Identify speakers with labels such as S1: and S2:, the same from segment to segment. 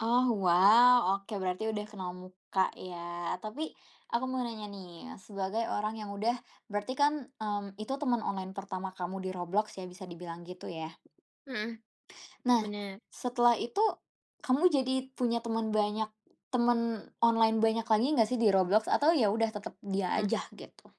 S1: Oh wow, oke berarti udah kenal muka ya. Tapi aku mau nanya nih, sebagai orang yang udah berarti kan, mmm, itu teman online pertama kamu di Roblox ya bisa dibilang gitu ya?
S2: Mhm.
S1: Nah,
S2: Benar.
S1: setelah itu kamu jadi punya temen banyak temen online banyak lagi enggak sih di Roblox? Atau ya udah tetep dia
S2: Eh.
S1: aja gitu?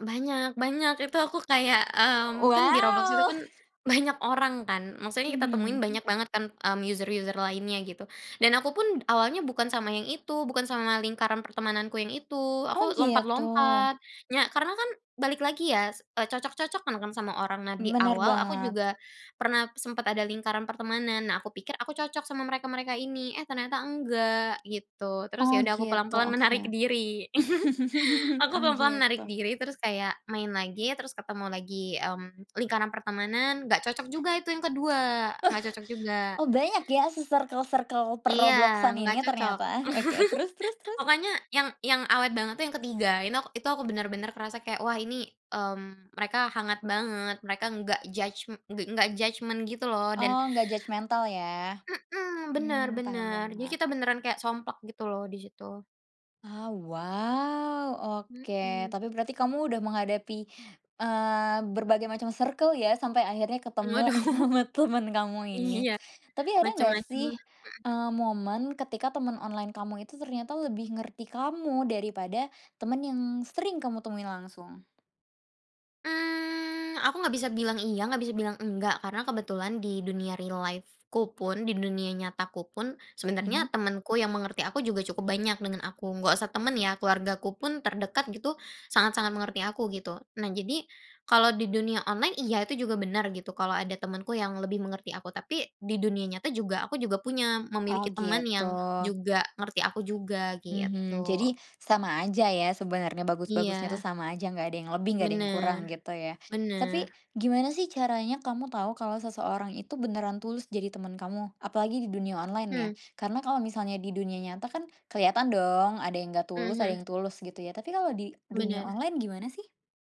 S2: Banyak banyak. itu aku kayak, mmm, kan di Roblox itu
S1: Waw!
S2: kan banyak orang kan, maksudnya kita temuin
S1: Mhm, mmm.
S2: banyak banget kan, mmm, user-user lainnya gitu, dan aku pun awalnya bukan sama yang itu, bukan sama lingkaran pertemananku yang itu,
S1: Oh
S2: aku
S1: gitu.
S2: lompat-lompat, nya karena kan balik lagi ya, s eee, cocok-cocokan kan sama orang. Nah di
S1: Benar
S2: awal, aku
S1: banget.
S2: juga pernah sempet ada lingkaran pertemanan. Nah, aku pikir aku cocok sama mereka-mereka ini, eh ternyata enggak, gitu. Terus ya
S1: Oh
S2: udah aku
S1: gitu,
S2: pelan-pelan
S1: oke.
S2: menarik diri. Aku
S1: Oh
S2: pelan-pelan menarik
S1: gitu.
S2: diri, terus kayak main lagi, terus ketemu lagi, mmm, lingkaran pertemanan, enggak cocok juga itu yang ke-2, enggak cocok juga.
S1: Oh banyak ya si circle-circle per
S2: Iya
S1: Roblox-an
S2: enggak
S1: ini
S2: cocok.
S1: ternyata? Oke. Terus terus terus?
S2: Pokoknya yang yang awet banget tuh yang ke-3, ini ak itu aku benar-benar kerasa kayak, Wah ini, mmm, mereka hangat banget, mereka enggak judgm engga enggak judgement gitu loh dan
S1: Oh, enggak judgemental ya.
S2: mmm, benar,
S1: Mhm. Paham
S2: benar. Jadi
S1: banget.
S2: kita beneran kayak somplak gitu loh, di situ.
S1: Oh wow. Oke,
S2: Mmm.
S1: tapi berarti kamu udah menghadapi, eee, berbagai macam circle ya, sampai akhirnya ketemu
S2: Waduh.
S1: sama temen kamu ini.
S2: Iya,
S1: Tapi ada enggak
S2: macam-macam
S1: sih,
S2: lah. Mhm.
S1: eee, momen ketika temen online kamu itu ternyata lebih ngerti kamu daripada temen yang sering kamu temui langsung?
S2: Mmm, aku enggak bisa bilang "iya," enggak bisa bilang "enggak." Karena kebetulan di dunia real life-ku pun, di dunia nyataku pun, sebenarnya
S1: Mhm.
S2: temenku yang mengerti aku juga cukup banyak dengan aku, enggak usah temen ya, keluargaku pun terdekat gitu, sangat-sangat mengerti aku, gitu. Nah jadi, kalau di dunia online iya, itu juga benar gitu, kalau ada temenku yang lebih mengerti aku, tapi di dunia nyata juga aku juga punya,
S1: Oh
S2: memiliki teman
S1: gitu.
S2: yang juga ngerti aku juga,
S1: Mhm.
S2: gitu.
S1: Jadi sama aja ya sebenarnya, bagus-bagusnya tuh
S2: Iya.
S1: sama aja enggak ada yang lebih, enggak ada yang kurang,
S2: Bener.
S1: gitu ya. Tapi,
S2: Bener.
S1: gimana sih caranya kamu tahu kalau seseorang itu beneran tulus jadi temen kamu? Apalagi di dunia online ya,
S2: Mhm.
S1: karena kalau misalnya di dunia nyata kan kelihatan dong, ada yang enggak
S2: Mhm
S1: tulus, ada
S2: mhm.
S1: yang tulus, gitu ya. Tapi kalau di dunia
S2: Benar.
S1: online gimana sih?